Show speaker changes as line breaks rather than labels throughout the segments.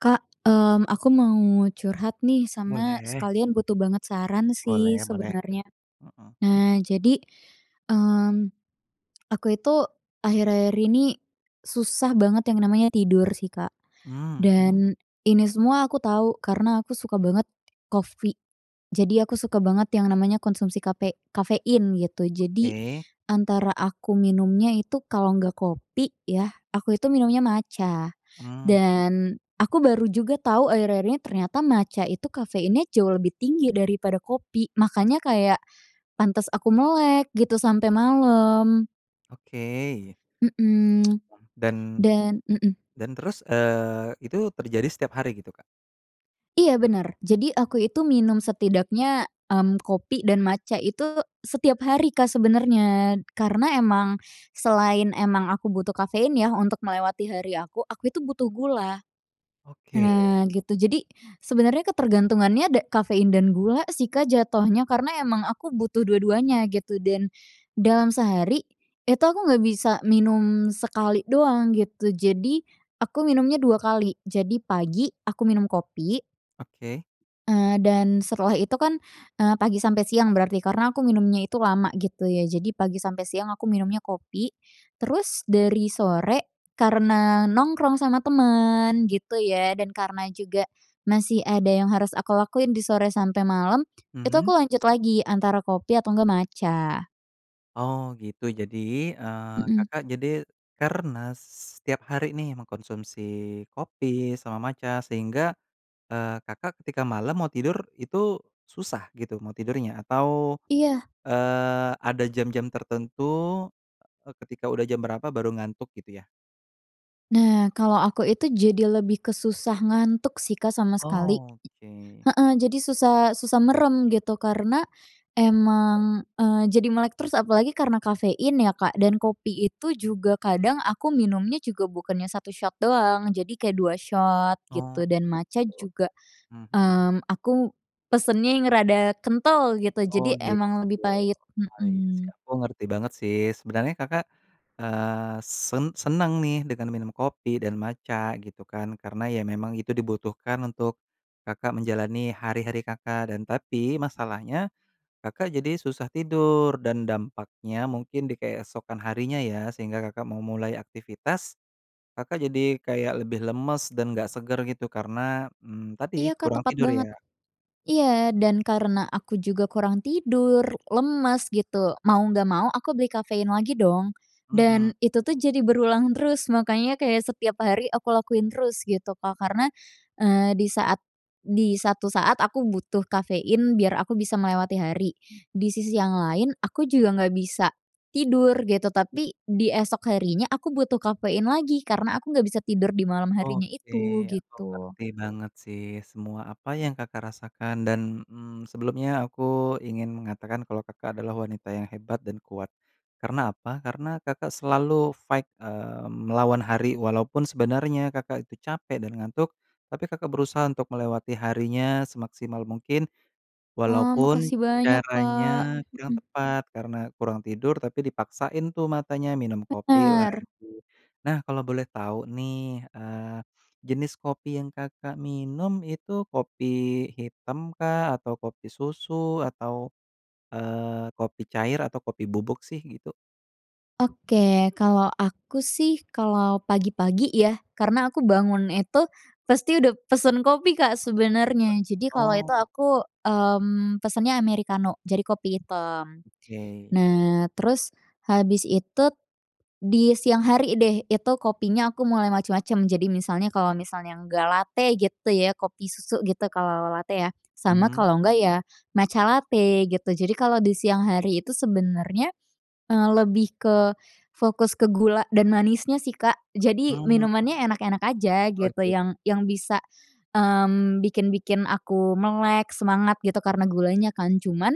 Kak, mmm, aku mau curhat nih sama
Boleh.
sekalian butuh banget saran sih
Boleh boleh.
sebenernya.
Mhm.
Nah, jadi, mmm, aku itu akhir-akhir ini susah banget yang namanya tidur sih, Kak,
Mmm.
dan ini semua aku tahu karena aku suka banget coffee. Jadi, aku suka banget yang namanya konsumsi kape kafein gitu. Jadi,
Oke.
antara aku minumnya itu kalau enggak kopi yah, aku itu minumnya matcha.
Mmm.
Dan aku baru juga tahu akhir-akhir ini ternyata matcha itu kafeinnya jauh lebih tinggi daripada kopi. Makanya kayak pantes aku melek gitu sampai malam.
Oke.
Mhm,
Mmm, dan
dan mhm.
dan terus, eee, itu terjadi setiap hari gitu, Kak?
Iya benar. Jadi, aku itu minum setidaknya, mmm, kopi dan matcha itu setiap hari, Kak sebenarnya karena emang selain emang aku butuh kafein yah untuk melewati hari aku, aku itu butuh gula.
Oke.
Nah gitu, jadi sebenarnya ketergantungannya da kafein dan gula sih, Kak, jatuhnya karena emang aku butuh dua-duanya gitu dan dalam sehari itu aku enggak bisa minum sekali doang gitu. Jadi aku minumnya 2 kali. Jadi pagi aku minum kopi
Oke.
eee, dan setelah itu kan, eee, pagi sampai siang berarti karena aku minumnya itu lama gitu ya. Jadi, pagi sampai siang aku minumnya kopi, terus dari sore karena nongkrong sama teman gitu ya dan karena juga masih ada yang harus aku lakuin di sore sampai malam, itu aku
Mhm.
lanjut lagi antara kopi atau enggak matcha.
Oh gitu. Jadi, eee,
Heeh.
Kakak jadi karena se setiap hari nih mengkonsumsi kopi sama matcha sehingga, eee, Kakak ketika malam mau tidur itu susah gitu mau tidurnya? Atau,
Iya.
eee, ada jam-jam tertentu, eee, ketika udah jam berapa baru ngantuk gitu ya?
Nah, kalau aku itu jadi lebih ke susah ngantuk sih, Kak, sama sekali.
Oh, oke.
Iya, heeh, jadi susah susah merem gitu karena emang, eee, jadi melek terus apalagi karena kafein ya, Kak dan kopi itu juga kadang aku minumnya juga bukannya 1 shot, doang. Jadi kayak 2 shot
Oh,
gitu dan matcha
gitu.
juga,
Mhm.
mmm, aku pesennya yang rada kental gitu,
Oh
jadi emang
gitu,
lebih pahit.
baik,
Mhm.
sekarang aku ngerti banget sih sebenernya, Kakak, eee, sen senang nih dengan minum kopi dan matcha gitu kan. Karena ya memang itu dibutuhkan untuk, Kakak, menjalani hari-hari, Kakak dan tapi masalahnya, Kakak, jadi susah tidur dan dampaknya mungkin di keesokan harinya ya, sehingga, Kakak mau mulai aktivitas, Kakak jadi kayak lebih lemes dan nggak seger gitu karena, mmm, tadi
Iya, Kak,
kurang
tepat
tidur
banget.
ya?
Iya, dan karena aku juga kurang tidur, lemes gitu, mau nggak mau aku beli kafein lagi dong,
Mhm.
dan itu tuh jadi berulang terus. Makanya kayak setiap hari aku lakuin terus gitu, Kak karena, eee, di saat di satu saat aku butuh kafein biar aku bisa melewati hari, di sisi yang lain aku juga nggak bisa tidur gitu, tapi di esok harinya aku butuh kafein lagi karena aku nggak bisa tidur di malam harinya
Oke.
itu,
Aku
gitu.
ngerti banget sih semua apa yang, Kakak, rasakan dan, mmm, sebelumnya aku ingin mengatakan kalau, Kakak, adalah wanita yang hebat dan kuat. Karena apa? Karena, Kakak selalu fight, eee, melawan hari walaupun sebenarnya, Kakak itu capek dan ngantuk tapi, Kakak berusaha untuk melewati harinya semaksimal mungkin,
Wah,
walaupun
makasih banyak, Kak,
caranya kurang
mhm.
tepat karena kurang tidur tapi dipaksain tuh matanya minum kopi
Bener.
lagi. Nah, kalau boleh tahu nih, eee, jenis kopi yang, Kakak minum itu kopi hitam kah atau kopi susu atau, eee, kopi cair atau kopi bubuk sih, gitu?
Oke. Kalau aku sih, kalau pagi-pagi ya karena aku bangun itu pasti udah pesan kopi, Kak sebenarnya. Jadi kalau itu,
Oh.
aku, mmm, pesannya amerikano, jadi kopi hitam.
Oke.
Nah, terus habis itu di siang hari deh, itu kopinya aku mulai macam-macam. Jadi misalnya kalau misalnya enggak latte gitu ya kopi susu gitu kalau ala-ala latte ya, sama
Hmm.
kalau enggak ya matca late gitu. Jadi, kalau di siang hari itu sebenarnya, eee, lebih ke fokus ke gula dan manisnya sih, Kak. Jadi,
Mmm.
minumannya enak-enak aja gitu
Oke.
yang yang bisa, mmm, bikin bikin aku melek semangat gitu karena gulanya kan. Cuman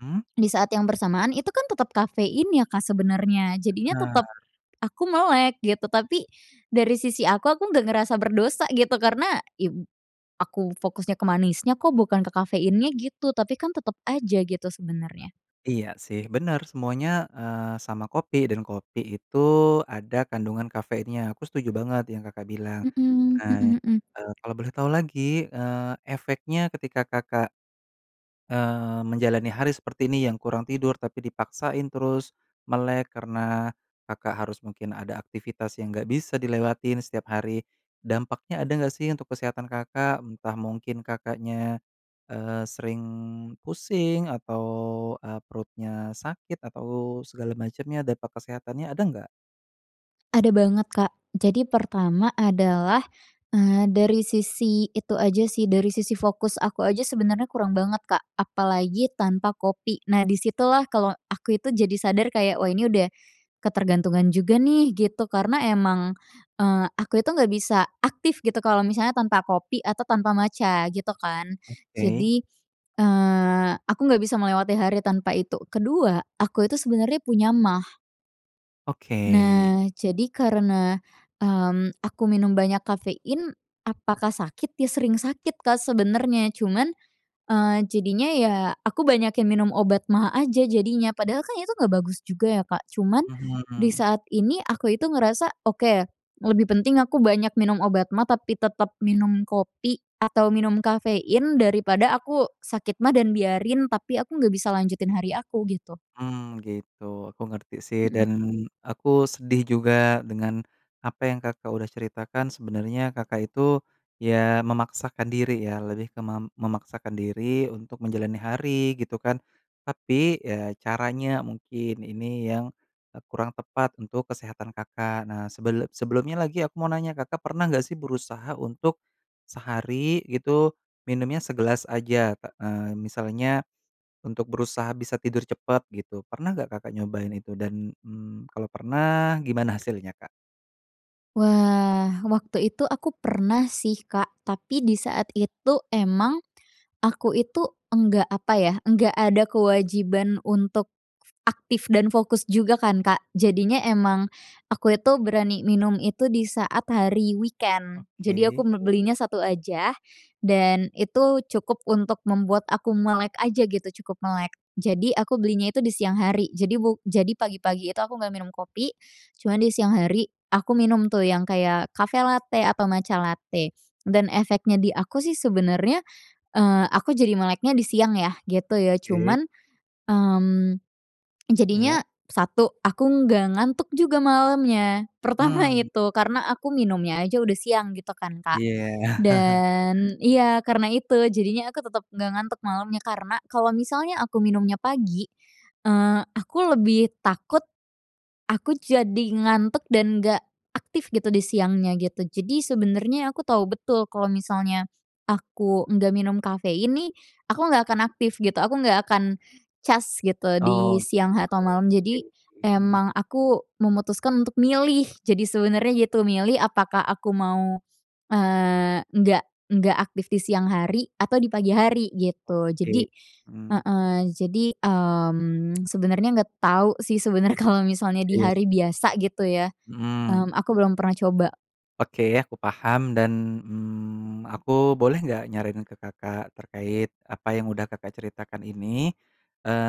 Mmm.
di saat yang bersamaan itu kan tetap kafein ya Kak sebenarnya. Jadinya tetap
Benar.
aku melek gitu, tapi dari sisi aku, aku enggak ngerasa berdosa gitu karena, iya b aku fokusnya ke manisnya kok bukan ke kafeinnya gitu, tapi kan tetap aja gitu sebenarnya.
Iya sih. Benar semuanya, eee, sama kopi dan kopi itu ada kandungan kafeinnya. Aku setuju banget yang Kakak bilang.
Mhm,
Nah,
mhm mhm.
eee, kalau boleh tahu lagi, eee, efeknya ketika Kakak, eee, menjalani hari seperti ini yang kurang tidur, tapi dipaksain terus melek karena Kakak harus mungkin ada aktivitas yang enggak bisa dilewatin setiap hari. Dampaknya ada enggak sih untuk kesehatan, Kakak? Entah mungkin Kakaknya, eee, sering pusing atau, eee, perutnya sakit atau segala macamnya. Dampak kesehatannya ada enggak?
Ada banget, Kak. Jadi pertama adalah, eee, dari sisi itu aja sih, dari sisi fokus aku aja sebenarnya kurang banget, Kak, apalagi tanpa kopi. Nah, di situlah kalau aku itu jadi sadar kayak, wah, ini udah ketergantungan juga nih, gitu. Karena emang, eee, aku itu nggak bisa aktif gitu kalau misalnya tanpa kopi atau tanpa matcha, gitu kan.
Oke.
Jadi, eee, aku nggak bisa melewati hari tanpa itu. Kedua, aku itu sebenarnya punya maag.
Oke.
Nah, jadi karena, mmm, aku minum banyak kafein apakah sakit? Ya, sering sakit, Kak, sebenarnya cuman, eee, jadinya ya aku banyakin minum obat maag aja jadinya. Padahal kan itu nggak bagus juga ya, Kak, cuman di
Mhm.
saat ini aku itu ngerasa oke, lebih penting aku banyak minum obat maag tapi tetap minum kopi atau minum kafein, daripada aku sakit maag dan biarin, tapi aku nggak bisa lanjutin hari aku, gitu.
Hmm, gitu. Aku ngerti sih
Mhm.
dan aku sedih juga dengan apa yang, Kakak udah ceritakan. Sebenernya, Kakak itu ya memaksakan diri ya lebih ke mem memaksakan diri untuk menjalani hari, gitu kan. Tapi, ya, caranya mungkin ini yang, eee, kurang tepat untuk kesehatan, Kakak. Nah, sebel sebelumnya lagi aku mau nanya, Kakak pernah nggak sih berusaha untuk sehari gitu minumnya segelas aja? K eee, misalnya untuk berusaha bisa tidur cepet, gitu. Pernah nggak, Kakak nyobain itu dan, mmm, kalau pernah gimana hasilnya, Kak?
Wah. Waktu itu aku pernah sih, Kak. Tapi di saat itu emang aku itu enggak, apa ya, nggak ada kewajiban untuk aktif dan fokus juga kan, Kak. Jadinya emang aku itu berani minum itu di saat hari weekend. Jadi aku
Oke.
belinya satu aja, dan itu cukup untuk membuat aku melek aja gitu, cukup melek. Jadi aku belinya itu di siang hari. Jadi bu jadi pagi-pagi itu aku nggak minum kopi. Cuman di siang hari aku minum tuh, yang kayak cafe latte atau matcha latte dan efeknya di aku sih sebenernya, eee, aku jadi meleknya di siang ya, gitu ya.
Oke.
Cuman, mmm,
Ya.
jadinya 1 aku nggak ngantuk juga malemnya. Pertama
Mmm!
itu, karena aku minumnya aja udah siang gitu kan, Kak,
Iya.
dan iya, karena itu jadinya aku tetep nggak ngantuk malamnya. Karena kalau misalnya aku minumnya pagi, eee, aku lebih takut, aku jadi ngantuk dan nggak aktif gitu di siangnya, gitu. Jadi sebenernya aku tahu betul kalau misalnya aku nggak minum kafein nih, aku nggak akan aktif, gitu. Aku nggak akan cas gitu
Oh,
di
oke
siang atau malam.
oke
Jadi
sih, mhm.
emang aku memutuskan untuk milih. Jadi sebenernya gitu milih apakah aku mau, eee, nggak nggak aktif di siang hari atau di pagi hari, gitu.
Oke,
Jadi
mhm.
heeh, jadi, mmm, sebenernya nggak tahu sih sebenernya kalau misalnya di
Iya,
hari
sih.
biasa gitu ya,
Mhm.
mmm, aku belum pernah coba.
Oke, aku paham dan, mmm, aku boleh nggak nyaranin ke Kakak terkait apa yang udah Kakak ceritakan ini?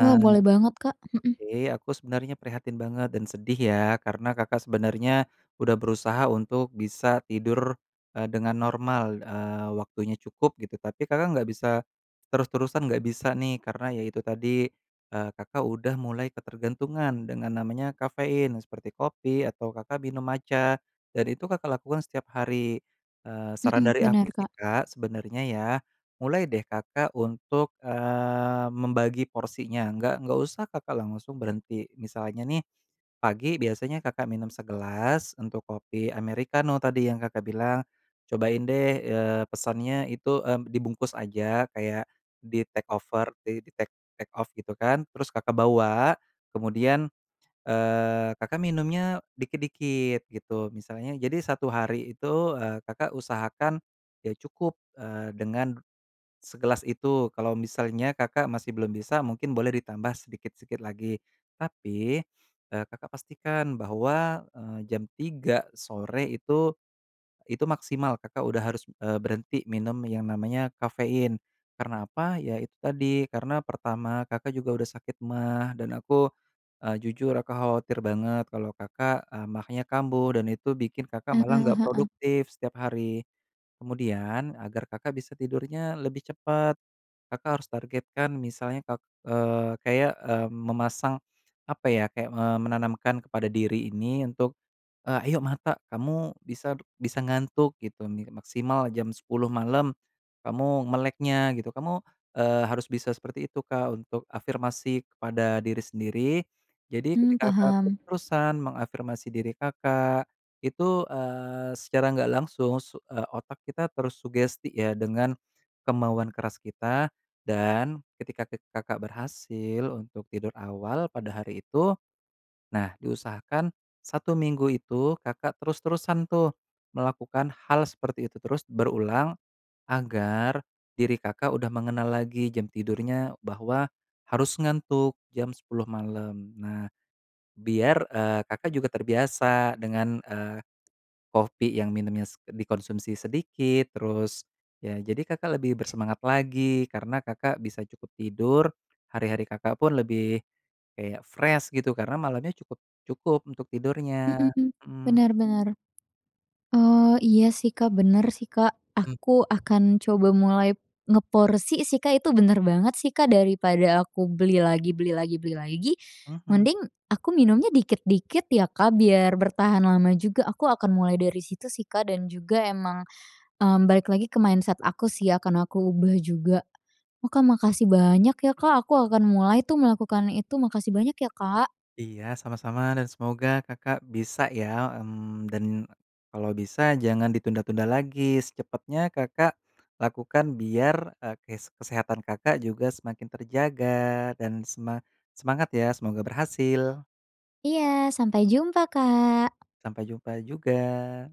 Wah, boleh banget, Kak, mhm.
oke, aku sebenernya prihatin banget dan sedih ya karena Kakak sebenernya udah berusaha untuk bisa tidur, eee, dengan normal, eee, waktunya cukup gitu. Tapi Kakak nggak bisa terus-terusan, nggak bisa nih, karena ya itu tadi, eee, Kakak udah mulai ketergantungan dengan namanya kafein seperti kopi atau Kakak minum matcha dan itu Kakak lakukan setiap hari. Eee, saran
Mmm.
dari
Bener,
aku sih,
Kak.
Kak, sebenernya ya, mulai deh Kakak untuk, eee, membagi porsinya. Nggak nggak usah Kakak langsung berhenti. Misalnya nih pagi biasanya Kakak minum segelas untuk kopi americano tadi yang Kakak bilang, cobain deh, eee, pesannya itu, eee, dibungkus aja kayak di take over, di di take take off gitu kan, terus Kakak bawa, kemudian, eee, Kakak minumnya dikit-dikit gitu. Misalnya jadi 1 hari itu, eee, Kakak usahakan ya cukup, eee, dengan segelas itu. Kalau misalnya Kakak masih belum bisa, mungkin boleh ditambah sedikit sikit lagi. Tapi, eee, Kakak pastikan bahwa, eee, jam 3 sore itu, itu maksimal, Kakak udah harus, eee, berhenti minum yang namanya kafein. Karena apa, ya itu tadi karena pertama Kakak juga udah sakit maag dan aku, eee, jujur aku khawatir banget kalau Kakak, eee, maagnya kambuh dan itu bikin Kakak malah
Heeh
nggak
heeh.
produktif setiap hari. Kemudian agar Kakak bisa tidurnya lebih cepet, Kakak harus targetkan misalnya ka eee, kayak, eee, memasang, apa ya, kayak, eee, menanamkan kepada diri ini untuk, eee, "Ayo mata kamu bisa bisa ngantuk," gitu nih, "maksimal jam 10 malam kamu meleknya," gitu. Kamu, eee, harus bisa seperti itu, Kak, untuk afirmasi kepada diri sendiri. Jadi
Mmm,
ketika Kakak
paham.
terus-terusan mengafirmasi diri Kakak itu, eee, secara nggak langsung su eee, otak kita terus sugesti ya dengan kemauan keras kita. Dan ketika ke Kakak berhasil untuk tidur awal pada hari itu, nah, diusahakan 1 minggu itu Kakak terus-terusan tuh melakukan hal seperti itu terus berulang, agar diri Kakak udah mengenal lagi jam tidurnya bahwa harus ngantuk jam 10 malam. Nah, biar, eee, Kakak juga terbiasa dengan, eee, kopi yang minumnya s dikonsumsi sedikit, terus ya jadi Kakak lebih bersemangat lagi karena Kakak bisa cukup tidur, hari-hari Kakak pun lebih kayak fresh gitu. Karena malamnya cukup cukup untuk tidurnya.
Mhm,
Mmm.
bener bener. Oh, iya sih, Kak, bener sih, Kak.
Mmm.
Aku akan coba mulai ngeporsi sih, Kak, itu bener banget sih, Kak, daripada aku beli lagi beli lagi beli lagi,
Mhm.
mending aku minumnya dikit-dikit ya, Kak, biar bertahan lama juga, aku akan mulai dari situ sih, Kak. Dan juga emang, mmm, balik lagi ke mindset aku sih ya akan aku ubah juga. Wah, Kak, makasih banyak ya, Kak, aku akan mulai tuh melakukan itu. Makasih banyak ya, Kak!
Iya, sama-sama, dan semoga Kakak bisa ya. Mmm, dan kalau bisa jangan ditunda-tunda lagi. Secepatnya Kakak lakukan biar, eee, kes kesehatan Kakak juga semakin terjaga dan sema semangat ya, semoga berhasil.
Iya. Sampai jumpa, Kak!
Sampai jumpa juga!